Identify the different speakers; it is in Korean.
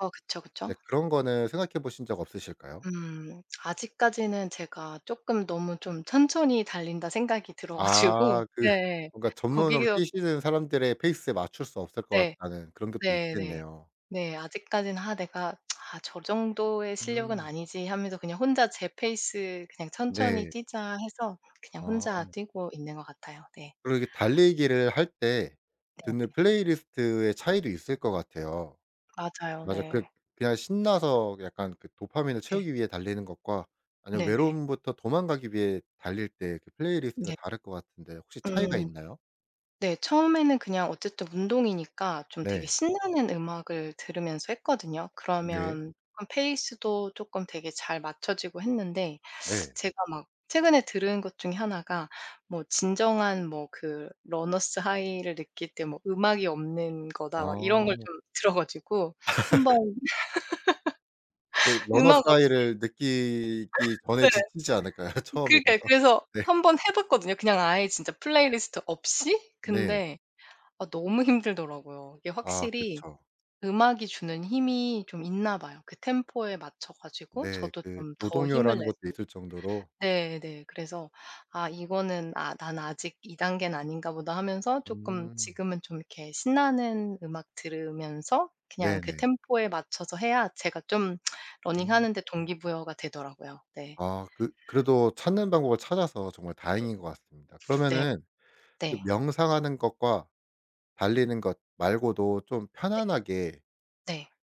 Speaker 1: 어 그쵸,
Speaker 2: 네
Speaker 1: 그쵸.
Speaker 2: 그런 거는 생각해 보신 적 없으실까요?
Speaker 1: 음. 아직까지는 제가 쪼끔 너무 좀 천천히 달린다 생각이 들어 가지고
Speaker 2: 아. 그
Speaker 1: 예예.
Speaker 2: 뭔가 '전문으로
Speaker 1: 거기어
Speaker 2: 뛰시는 사람들의 페이스에 맞출 수 없을 것
Speaker 1: 네.
Speaker 2: 같다.'는 그런 것도
Speaker 1: 네네.
Speaker 2: 있겠네요.
Speaker 1: 네 아직까지는 '아 내가 아 저 정도의 실력은
Speaker 2: 음.
Speaker 1: 아니지.' 하면서 그냥 혼자 제 페이스 '그냥 천천히
Speaker 2: 네.
Speaker 1: 뛰자.' 해서 그냥 혼자
Speaker 2: 아.
Speaker 1: 뛰고 있는 것 같아요. 네.
Speaker 2: 그리고 이렇게 달리기를 할 때
Speaker 1: 네네.
Speaker 2: 듣는 플레이리스트의 차이도 있을 것 같아요.
Speaker 1: 맞아요.
Speaker 2: 맞아. 그
Speaker 1: 네.
Speaker 2: 그냥 신나서 약간 그 도파민을
Speaker 1: 네.
Speaker 2: 채우기 위해 달리는 것과 아니면
Speaker 1: 네네.
Speaker 2: 외로움부터 도망가기 위해 달릴 때 그 플레이리스트가
Speaker 1: 네.
Speaker 2: 다를 것 같은데 혹시 차이가
Speaker 1: 음.
Speaker 2: 있나요?
Speaker 1: 네 처음에는 그냥 어쨌든 운동이니까 좀 되게
Speaker 2: 네.
Speaker 1: 신나는 음악을 들으면서 했거든요.
Speaker 2: 네.
Speaker 1: 그러면 그런 페이스도 쪼끔 되게 잘 맞춰지고 했는데
Speaker 2: 네.
Speaker 1: 제가 막 최근에 들은 것 중에 하나가 뭐 "진정한 뭐 그 러너스 하이를 느낄 때 뭐 음악이 없는 거다." 막 이런 걸
Speaker 2: 아.
Speaker 1: 좀 들어 가지고 한번
Speaker 2: 그게 러너스
Speaker 1: 음악 없이
Speaker 2: 하이를 느끼기 전에
Speaker 1: 네.
Speaker 2: 지치지 않을까요?
Speaker 1: 그러니까요.
Speaker 2: 처음이라서.
Speaker 1: 그래서
Speaker 2: 네.
Speaker 1: 1 번 해 봤거든요 그냥 아예 진짜 플레이리스트 없이.
Speaker 2: 네.
Speaker 1: 근데 아 너무 힘들더라고요. 이게
Speaker 2: 아
Speaker 1: 확실히
Speaker 2: 그쵸.
Speaker 1: 음악이 주는 힘이 좀 있나 봐요. 그 템포에 맞춰 가지고
Speaker 2: 네
Speaker 1: 저도
Speaker 2: 그
Speaker 1: 좀 더 힘을
Speaker 2: 노동요라는
Speaker 1: 내서
Speaker 2: 것도 있을 정도로.
Speaker 1: 네네 그래서 '아 이거는 아 난 아직 이 단계는 아닌가 보다.' 하면서 쪼끔
Speaker 2: 음.
Speaker 1: 지금은 좀 이렇게 신나는 음악 들으면서 그냥 그
Speaker 2: 네네.
Speaker 1: 템포에 맞춰서 해야 제가 좀
Speaker 2: 음.
Speaker 1: 러닝하는 데 동기부여가 되더라고요. 네.
Speaker 2: 아 그 그래도 찾는 방법을 찾아서 정말
Speaker 1: 이
Speaker 2: 다행인 것 같습니다.
Speaker 1: 네.
Speaker 2: 그러면은 그
Speaker 1: 네.
Speaker 2: 명상하는 것과 달리는 것 말고도 좀
Speaker 1: 네.
Speaker 2: 편안하게
Speaker 1: 네.